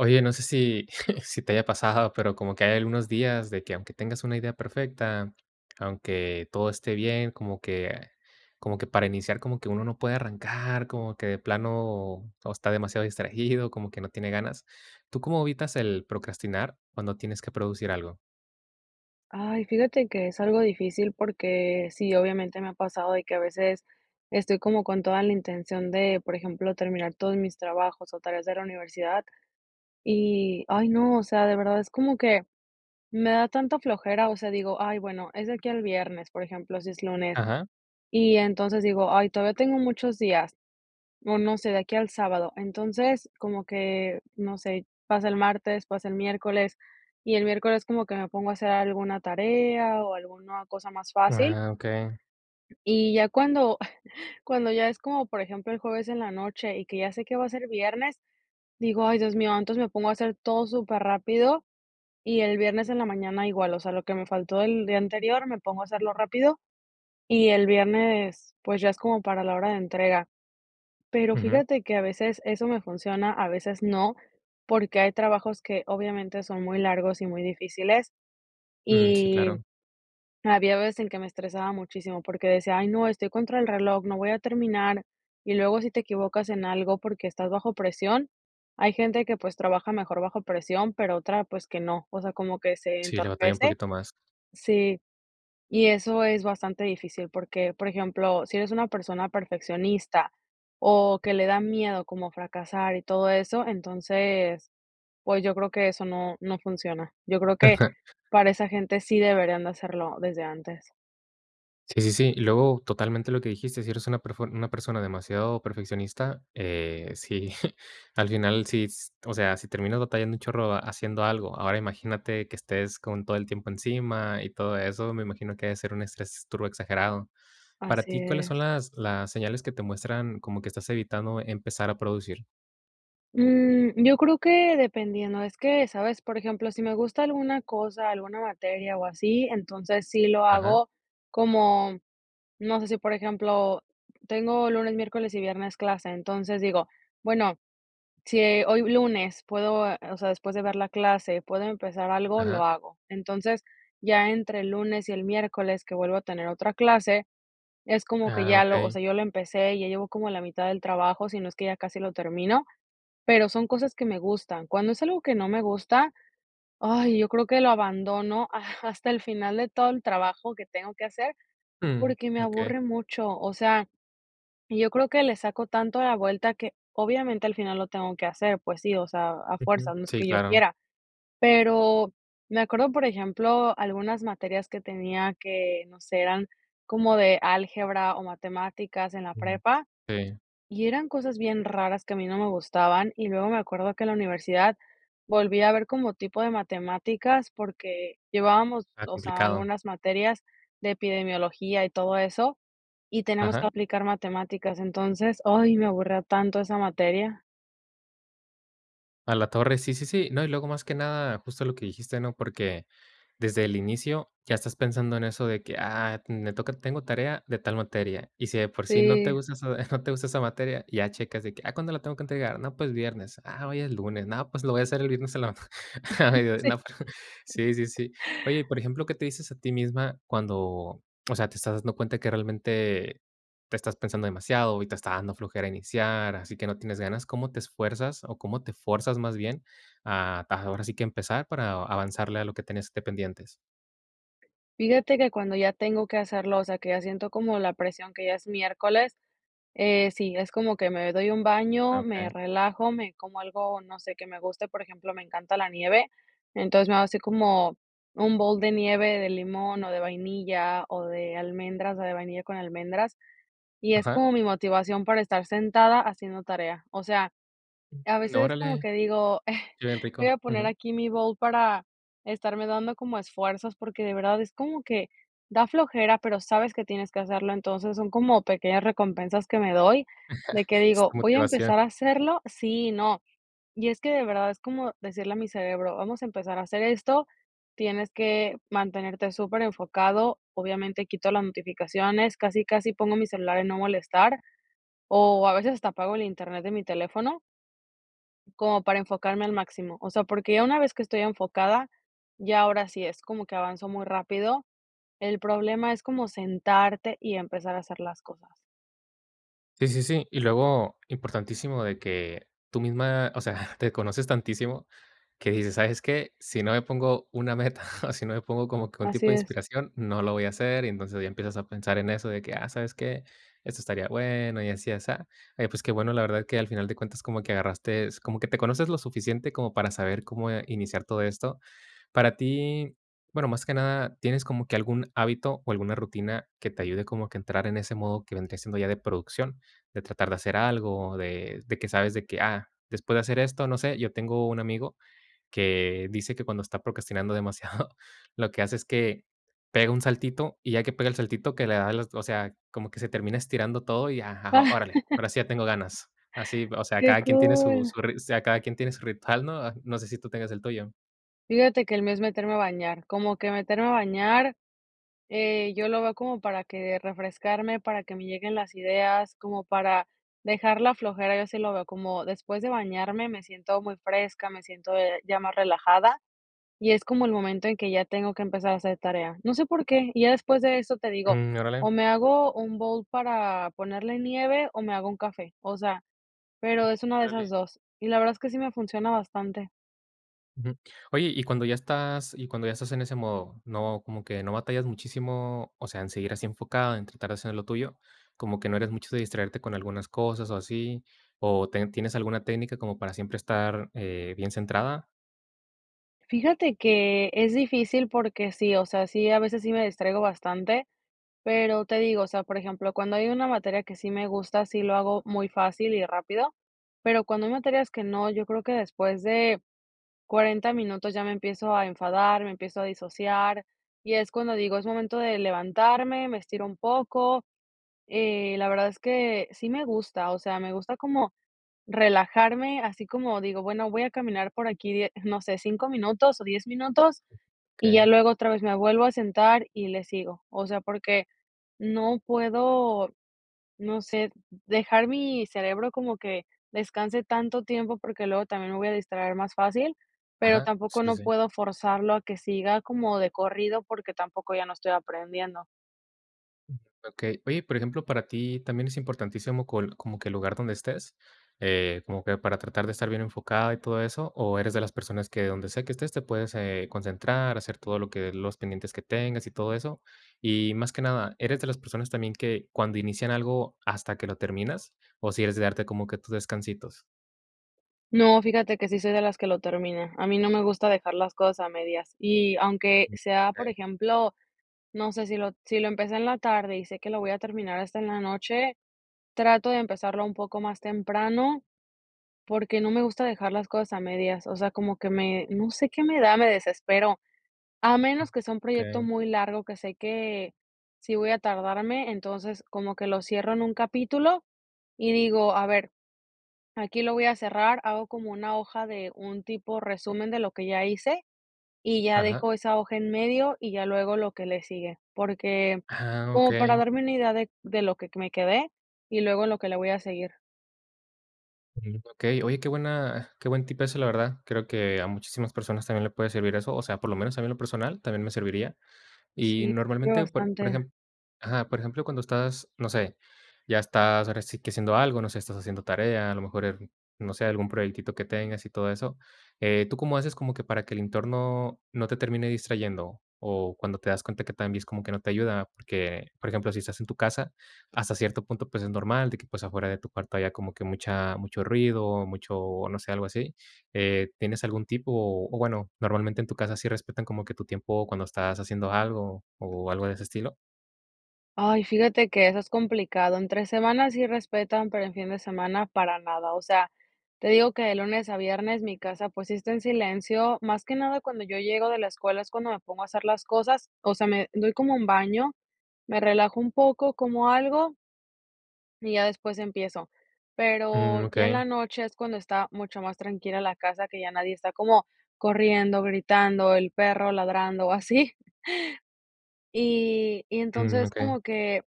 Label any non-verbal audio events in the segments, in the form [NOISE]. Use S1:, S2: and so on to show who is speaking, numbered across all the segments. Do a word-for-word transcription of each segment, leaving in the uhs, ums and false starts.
S1: Oye, no sé si, [CHUCKLES] si te haya pasado, pero como que hay algunos días, de que, aunque tengas una idea perfecta, aunque todo esté bien, como que como que, para iniciar, como que uno no puede arrancar, como que de plano todo está demasiado distraído, como que no tiene ganas. ¿Tú cómo evitas el procrastinar cuando tienes que producir algo?
S2: Ay, fíjate que es algo difícil porque sí, obviamente, me ha pasado de que a veces estoy como con toda la intención de, por ejemplo, terminar todos mis trabajos, o, tareas de la universidad. Y, ay, no, o sea, de verdad es como que me da tanta flojera, o sea, digo: "Ay, bueno, es de aquí al viernes", por ejemplo, si es lunes.
S1: Ajá.
S2: Y, entonces, digo: "Ay, todavía tengo muchos días". No, no sé, de aquí al sábado. Entonces, como que, no sé, pasa el martes, pasa el miércoles, y el miércoles como que me pongo a hacer alguna tarea, o, alguna cosa más fácil.
S1: Ah, okey.
S2: Y ya cuando, [CHUCKLES] cuando ya es, como por ejemplo, el jueves en la noche, y que ya sé que va a ser viernes, digo: "Ay, Dios mío", entonces me pongo a hacer todo superrápido, y el viernes en la mañana igual. O sea, lo que me faltó el día anterior me pongo a hacerlo rápido y el viernes, pues, ya es como para la hora de entrega. Pero
S1: Ujú.
S2: fíjate que a veces eso me funciona, a veces no, porque hay trabajos que obviamente son muy largos y muy difíciles,
S1: Mm. Sí,
S2: y
S1: claro.
S2: había veces en que me estresaba muchísimo porque decía: "Ay, no, estoy contra el reloj, no voy a terminar", y luego si te equivocas en algo, porque estás bajo presión, hay gente que, pues, trabaja mejor bajo presión, pero otra, pues, que no. O sea, como que se
S1: Sí, le batalla un
S2: entorpece.
S1: poquito más.
S2: Sí, y eso es bastante difícil porque, por ejemplo, si eres una persona perfeccionista, o, que le da miedo como fracasar y todo eso, entonces, pues, yo creo que eso no no funciona. Yo creo que
S1: Ajá.
S2: para esa gente sí deberían de hacerlo desde antes.
S1: Sí, sí, sí. Y luego, totalmente lo que dijiste, si eres una perfor una persona demasiado perfeccionista, eh, si [GIGGLES] al final, sí, o sea, si terminas batallando un chorro haciendo algo, ahora imagínate que estés con todo el tiempo encima y todo eso, me imagino que debe ser un estrés turbo exagerado. Para
S2: Así
S1: ti, ¿cuáles
S2: es.
S1: son las las señales que te muestran como que estás evitando empezar a producir?
S2: Mm, yo creo que dependiendo. Es que sabes, por ejemplo, si me gusta alguna cosa, alguna materia o así, entonces sí lo
S1: Ajá.
S2: hago como, no sé, si por ejemplo, tengo lunes, miércoles y viernes clase, entonces digo: "Bueno, si hoy lunes puedo, eh, o sea, después de ver la clase, puedo empezar algo, lo
S1: Ajá.
S2: hago". Entonces, ya entre el lunes y el miércoles que vuelvo a tener otra clase, es como que
S1: Ah,
S2: ya lo, o
S1: okey.
S2: sea, yo lo empecé, ya llevo como la mitad del trabajo, si no es que ya casi lo termino, pero son cosas que me gustan. Cuando es algo que no me gusta, ay, yo creo que lo abandono hasta [GIGGLES] el final de todo el trabajo que tengo que hacer,
S1: Mm,
S2: porque me
S1: okey.
S2: aburre mucho, o sea, y yo creo que le saco tanto la vuelta que, obviamente, al final lo tengo que hacer, pues sí, o sea, a
S1: Ujú.
S2: fuerzas, no es
S1: Sí,
S2: que yo
S1: claro.
S2: quiera. Pero me acuerdo, por ejemplo, algunas materias que tenía que no sé, eran como de álgebra o matemáticas en la
S1: Mm,
S2: prepa,
S1: okey.
S2: y eran cosas bien raras que a mí no me gustaban y luego me acuerdo que la universidad volvía a ver como tipo de matemáticas porque llevábamos,
S1: Ah,
S2: o sea,
S1: complicado.
S2: algunas materias de epidemiología y todo eso y tenemos que
S1: Ajá.
S2: aplicar matemáticas. Entonces, ay, me aburría tanto esa materia.
S1: A la torre, sí, sí, sí. No, y luego, más que nada, justo lo que dijiste, ¿no?, porque desde el inicio ya estás pensando en eso de que, ah, me toca tengo tarea de tal materia. Y si de por sí no te
S2: Sí.
S1: gusta eso [GIGGLES] no te gusta esa materia, ya checas de que, ah, ¿cuándo la tengo que entregar?, no, pues, viernes. Ah, hoy es lunes. No, pues, lo voy a hacer el viernes en la a
S2: [CHUCKLES]
S1: mediodi
S2: Sí.
S1: no, sí, sí, sí. Oye, y por ejemplo, ¿qué te dices a ti misma cuando, o sea, te estás dando cuenta que realmente te estás pensando demasiado y te está dando flojera iniciar, así que no tienes ganas? ¿Cómo te esfuerzas o cómo te forzas, más bien a, a ahora sí que empezar, para avanzarle a lo que tienes de pendientes?
S2: Fíjate que cuando ya tengo que hacerlo, o sea, que ya siento como la presión que ya es miércoles, sí, es como que me doy un baño, me
S1: Okey.
S2: relajo, me como algo, no sé, que me guste, por ejemplo, me encanta la nieve. Entonces, me hago así como un bol de nieve de limón, o de vainilla, o de almendras, o de vainilla con almendras y es
S1: Ajá.
S2: como mi motivación para estar sentada haciendo tarea. O sea, a veces es como
S1: Órale,
S2: que digo:
S1: qué bien,
S2: "Voy
S1: rico.
S2: a poner
S1: Ujú.
S2: aquí mi bol para estarme dando como esfuerzos", porque de verdad es como que da flojera, pero sabes que tienes que hacerlo, entonces son como pequeñas recompensas que me doy, de
S1: [LAUGHS]
S2: que
S1: Es
S2: digo:
S1: tu
S2: "Voy a
S1: motivación.
S2: empezar a hacerlo", sí y no, y es que de verdad es como decirle a mi cerebro, vamos a empezar a hacer esto, tienes que mantenerte superenfocado, obviamente, quito las notificaciones, casi, casi pongo mi celular en no molestar, o a veces hasta apago el Internet de mi teléfono como para enfocarme al máximo. O sea, porque ya una vez que estoy enfocada, ya ahora sí es, como que avanzo muy rápido. El problema es como sentarte y empezar a hacer las cosas.
S1: Sí, sí, sí. Y luego, importantísimo de que tú misma, o sea, [GIGGLES] te conoces tantísimo, que dices: "¿Sabes qué?, si no me pongo una meta, [CHUCKLES] si no me pongo como que un
S2: Así
S1: tipo de
S2: es.
S1: inspiración, no lo voy a hacer". Y entonces ya empiezas a pensar en eso, de que ah, ¿sabes qué?, esto estaría bueno y así, y asá. Oye, pues, qué bueno, la verdad, creo que al final de cuentas como que agarrastes, como que te conoces lo suficiente, como para saber cómo iniciar todo esto. Para ti, bueno, más que nada, ¿tienes como que algún hábito o alguna rutina que te ayude como a que entrar en ese modo que vendría siendo ya de producción?, de tratar de hacer algo, de de que sabes de que, ah, después de hacer esto, no sé. Yo tengo un amigo, que dice que cuando está procrastinando demasiado, [GIGGLES] lo que hace es que pega un saltito y ya que pega el saltito que le da el o sea, como que se termina estirando todo y ajá, órale, ahora sí, ya tengo
S2: [LAUGHS]
S1: ganas. Así, o sea,
S2: Qué
S1: cada quien tiene su
S2: cool.
S1: su rit o sea, cada quien tiene su ritual, ¿no?, no sé si tú tengas el tuyo.
S2: Fíjate que el mes meterme a bañar, como que meterme a bañar, eh, yo lo veo como para que refrescarme, para que me lleguen las ideas, como para dejar la flojera, yo así lo veo como después de bañarme, me siento muy fresca, me siento, eh, ya más relajada, y es como el momento en que ya tengo que empezar a hacer tarea. No sé por qué, y ya después de eso te digo:
S1: Mm, órale.
S2: "O me hago un bowl para ponerle nieve o me hago un café", o sea, pero es una de esas
S1: Órale.
S2: dos y la verdad es que sí me funciona bastante.
S1: Ujú, oye, y cuando ya estás y cuando ya estás en ese modo, ¿no como que no batallas muchísimo, o sea, en seguir así enfocado en tratar de hacer lo tuyo? ¿Cómo que no eres mucho de distraerte con algunas cosas o así? ¿O ten tienes alguna técnica como para siempre estar, eh, bien centrada?
S2: Fíjate que es difícil porque sí, o sea, sí, a veces sí me distraigo bastante, pero te digo, o sea, por ejemplo, cuando hay una materia que sí me gusta, sí lo hago muy fácil y rápido, pero cuando hay materias que no, yo creo que después de cuarenta minutos ya me empiezo a enfadar, me empiezo a disociar, y es cuando digo: "Es momento de levantarme, me estiro un poco". Eh, la verdad es que sí me gusta, o sea, me gusta como relajarme así como digo: "Bueno, voy a caminar por aquí die no sé, cinco minutos o diez minutos", y ya
S1: Okey.
S2: luego otra vez me vuelvo a sentar y le sigo. O sea, porque no puedo, no sé, dejar mi cerebro como que descanse tanto tiempo, porque luego también me voy a distraer más fácil, pero
S1: Ajá.
S2: tampoco
S1: Sí,
S2: no
S1: sí.
S2: puedo forzarlo a que siga como de corrido porque tampoco ya no estoy aprendiendo.
S1: Okey. Oye, por ejemplo, ¿para ti también es importantísimo col como que el lugar donde estés, eh, como que para tratar de estar bien enfocada y todo eso, o eres de las personas que donde sea que estés te puedes, eh, concentrar, hacer todo lo que, los pendientes que tengas y todo eso? Y más que nada, ¿eres de las personas también que cuando inician algo hasta que lo terminas, o si eres de darte como que tus descansitos?
S2: No, fíjate que sí soy de las que lo termina. A mí no me gusta dejar las cosas a medias. Y aunque sea, por
S1: Okey.
S2: ejemplo, no sé, si lo si lo empecé en la tarde, y sé que lo voy a terminar hasta en la noche, trato de empezarlo un poco más temprano, porque no me gusta dejar las cosas a medias. O sea, como que me no sé qué me da, me desespero. A menos que sea un proyecto
S1: Okey.
S2: muy largo, que sé que sí voy a tardarme, entonces, como que lo cierro en un capítulo, y digo: "A ver, aquí lo voy a cerrar", hago como una hoja de un tipo resumen de lo que ya hice, y ya
S1: Ajá.
S2: dejo esa hoja en medio y ya luego lo que le sigue, porque
S1: Ah,
S2: como para
S1: okey.
S2: darme una idea de de lo que me quedé, y luego lo que le voy a seguir.
S1: Ujú, okey. Oye, qué buena qué buen tipazo, la verdad. Creo que a muchísimas personas también le puede servir eso, o sea, por lo menos a mí en lo personal también me serviría. Y
S2: Sí, influye
S1: normalmente, por por
S2: bastante.
S1: ejem ajá, por ejemplo cuando estás, no sé, ya estás ahora si que haciendo algo, no sé, estás haciendo tarea, a lo mejor, al no sé, algún proyectito que tengas y todo eso, eh, ¿tú cómo haces como que para que el entorno no te termine distrayendo? O, cuando te das cuenta que también es como que no te ayuda, porque, por ejemplo, si estás en tu casa, hasta cierto punto, pues, es normal de que, pues, afuera de tu cuarto haya como que mucha mucho ruido, mucho, no sé, algo así, eh, ¿tienes algún tip? O o, bueno, normalmente en tu casa sí respetan como que tu tiempo cuando estás haciendo algo, o, algo de ese estilo.
S2: Ay, fíjate que eso es complicado, entre semana sí respetan, pero en fin de semana para nada. O sea, te digo que de lunes a viernes mi casa, pues, sí está en silencio, más que nada cuando yo llego de la escuela es cuando me pongo a hacer las cosas, o sea, me doy como un baño, me relajo un poco, como algo y ya después empiezo, pero
S1: Mm,
S2: ya en
S1: okey.
S2: la noche es cuando está mucho más tranquila la casa que ya nadie está como corriendo, gritando, el perro ladrando, o así. [CHUCKLES] Y y
S1: Mm,
S2: entonces
S1: okey.
S2: como que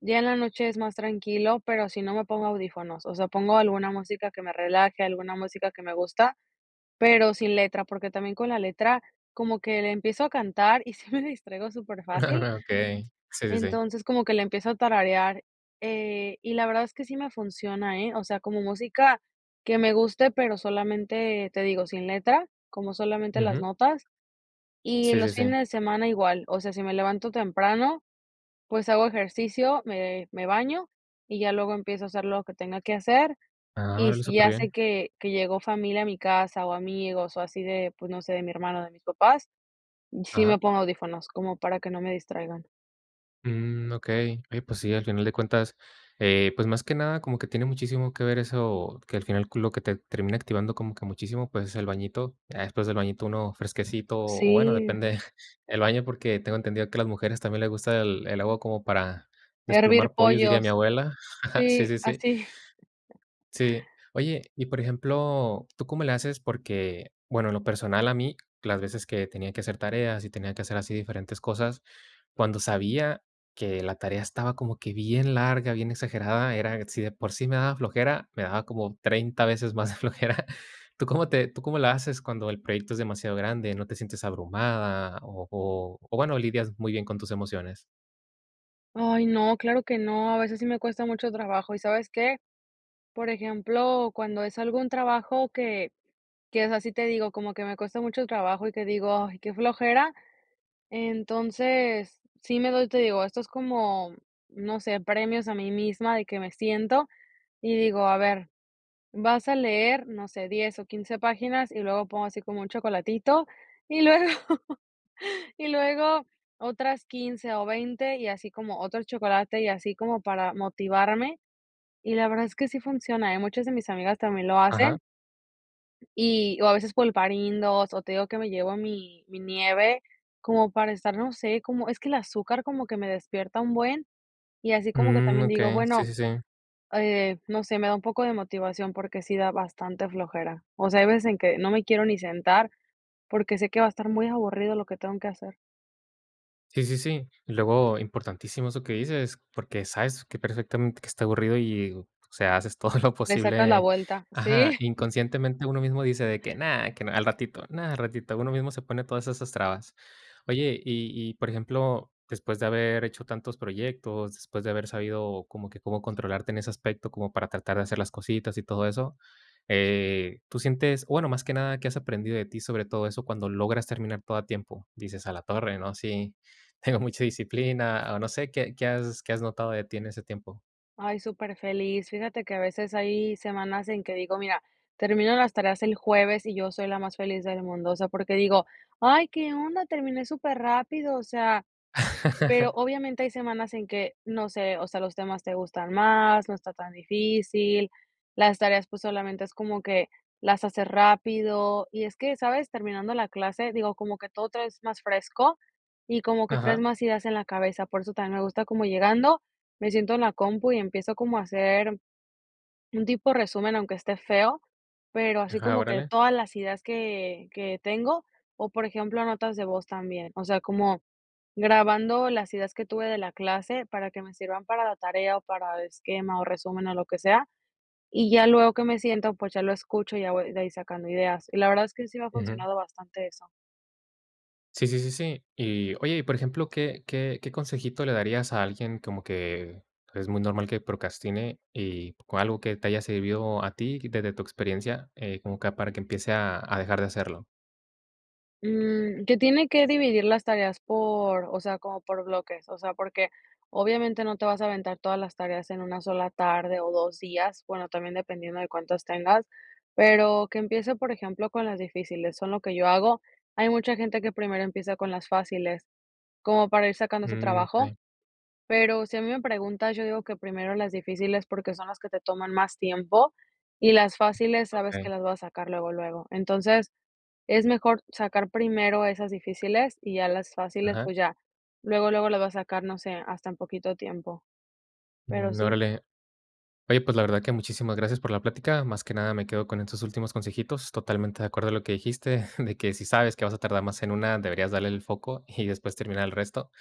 S2: ya en la noche es más tranquilo, pero si no me pongo audífonos, o sea pongo alguna música que me relaje, alguna música que me gusta, pero sin letra, porque también con la letra como que la empiezo a cantar y sí me distraigo superfácil.
S1: [CHUCKLES] Okey, sí, sí, sí.
S2: Entonces, como que la empiezo a tararear, eh, y la verdad es que sí me funciona, eh. O sea, como música que me guste, pero solamente, te digo, sin letra, como solamente las
S1: Ujú.
S2: notas. Y
S1: Sí, sí,
S2: los
S1: sí.
S2: fines de semana igual, o sea, si me levanto temprano, pues, hago ejercicio, me me baño, y ya luego empiezo a hacer lo que tenga que hacer,
S1: Ah,
S2: y
S1: órale
S2: si ya sé
S1: superbién.
S2: que que llegó familia a mi casa, o, amigos, o así de, pues, no sé, de mi hermano, o, de mis papás, sí
S1: Ajá.
S2: me pongo audífonos, como para que no me distraigan.
S1: Mm. Okey, oye pues sí, al final de cuentas, eh, pues más que nada como que tiene muchísimo que ver eso, que al final lo que te termina activando como que muchísimo pues, es el bañito. Ya después del bañito, uno fresquecito, o bueno,
S2: Sí.
S1: depende [GIGGLES] del baño, porque tengo entendido que a las mujeres también le gusta el el agua como para
S2: Hervir
S1: desplumar pollos, diría mi
S2: pollos.
S1: abuela. [CHUCKLES] Sí,
S2: Sí,
S1: sí, sí.
S2: así. [GIGGLES]
S1: Sí. Oye, y, por ejemplo, ¿tú cómo le haces?, porque, bueno, en lo personal a mí, las veces que tenía que hacer tareas y tenía que hacer así diferentes cosas, cuando sabía que la tarea estaba como que bien larga, bien exagerada era, si de por sí me daba flojera, me daba como treinta veces más [CHUCKLES] flojera. ¿Tú cómo te tú cómo la haces cuando el proyecto es demasiado grande? ¿No te sientes abrumada? O o bueno, lidias muy bien con tus emociones.
S2: Ay no, claro que no, a veces sí me cuesta mucho trabajo, ¿y sabes qué?, por ejemplo, cuando es algún trabajo que que es así te digo, como que me cuesta mucho trabajo y que digo: "Ay, qué flojera". Entonces, sí me doy te digo, esto es como, no sé, premios a mí misma, de que me siento y digo: "A ver, vas a leer", no sé, diez o quince páginas y luego pongo así como un chocolatito y luego [LAUGHS] y luego otras quince o veinte y así como otro chocolate y así, como para motivarme. Y la verdad es que sí funciona, eh. Muchas de mis amigas también lo
S1: Ajá.
S2: hacen y, o a veces pulparindos o te digo que me llevo mi mi nieve, como para estar, no sé, como, es que el azúcar como que me despierta un buen, y así como que
S1: Mm.
S2: también digo,
S1: Okey, sí,
S2: bueno,
S1: sí, sí.
S2: eh, no sé, me da un poco de motivación porque sí da bastante flojera, o sea, hay veces en que no me quiero ni sentar, porque sé que va a estar muy aburrido lo que tengo que hacer.
S1: Sí sí sí. Y, luego, importantísimo eso que dices, porque sabes que perfectamente que está aburrido, y, o sea, haces todo lo
S2: Le sacas la
S1: posible.
S2: vuelta,
S1: Ajá,
S2: sí.
S1: inconscientemente uno mismo dice de que: "No, que no al ratito, no al ratito". Uno mismo se pone todas esas trabas. Oye, y y por ejemplo, después de haber hecho tantos proyectos, después de haber sabido como que cómo controlarte en ese aspecto, como para tratar de hacer las cositas y todo eso. Eh, tú sientes bueno, más que nada, ¿qué has aprendido de ti, sobre todo eso cuando logras terminar todo a tiempo? Dices: "A la torre, ¿no? Sí, tengo mucha disciplina", o, no sé, ¿qué qué has qué has notado de ti en ese tiempo?
S2: Ay, superfeliz. Fíjate que a veces hay semanas en que digo, mira, termino las tareas el jueves, y yo soy la más feliz del mundo. O sea, porque digo: "Ay, ¿qué onda?, terminé superrápido", o sea, pero
S1: [LAUGHS]
S2: obviamente hay semanas en que, no sé, o sea, los temas te gustan más, no está tan difícil, las tareas, pues, solamente es como que las haces rápido. Y es que, ¿sabes?, terminando la clase, digo, como que todo traes más fresco, y como que traes
S1: Ajá.
S2: más ideas en la cabeza, por eso también me gusta, como llegando, me siento en la compu y empiezo como a hacer un tipo resumen. Aunque esté feo, pero así
S1: Ajá,
S2: como que
S1: órale.
S2: todas las ideas que que tengo, o, por ejemplo, notas de voz también. O sea, como grabando las ideas que tuve de la clase para que me sirvan para la tarea, o, para esquema, o, resumen, o, lo que sea, y ya luego que me siento, pues, ya lo escucho, y ya voy de ahí sacando ideas. Y la verdad es que sí me ha
S1: Ujú.
S2: funcionado bastante eso.
S1: Sí, sí, sí, sí. Y, oye, y por ejemplo, ¿qué qué qué consejito le darías a alguien como que es muy normal que procrastine y o algo qué te haya servido a ti, quítate tu experiencia, eh, como que para que empiece a a dejar de hacerlo?
S2: Mm, que tiene que dividir las tareas por, o sea, como por bloques, o sea, porque obviamente no te vas a aventar todas las tareas en una sola tarde o dos días, bueno, también dependiendo de cuántos, tengas, pero que empiece, por ejemplo, con las difíciles, son lo que yo hago. Hay mucha gente que primero empieza con las fáciles, como para ir sacando ese
S1: Mm,
S2: trabajo,
S1: okey.
S2: pero si a mí me preguntas, yo digo que primero las difíciles porque son las que te toman más tiempo, y las fáciles sabes que
S1: Okey.
S2: las vas a sacar luego, luego. Entonces, es mejor sacar primero esas difíciles y ya las fáciles,
S1: Ajá.
S2: pues ya luego, luego las va a sacar, no sé, hasta en poquito tiempo, pero
S1: Mm,
S2: sí.
S1: órale. Oye, pues, la verdad que muchísimas gracias por la plática. Más que nada, me quedo con estos últimos consejitos, totalmente de acuerdo a lo que dijiste, de que si sabes que vas a tardar más en una, deberías darle el foco y después terminar el resto.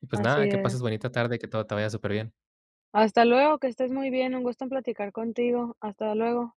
S1: Y, pues
S2: Así
S1: nada, que pases
S2: es.
S1: bonita tarde, que todo te vaya superbién.
S2: Hasta luego, que estés muy bien. Un gusto en platicar contigo. Hasta luego.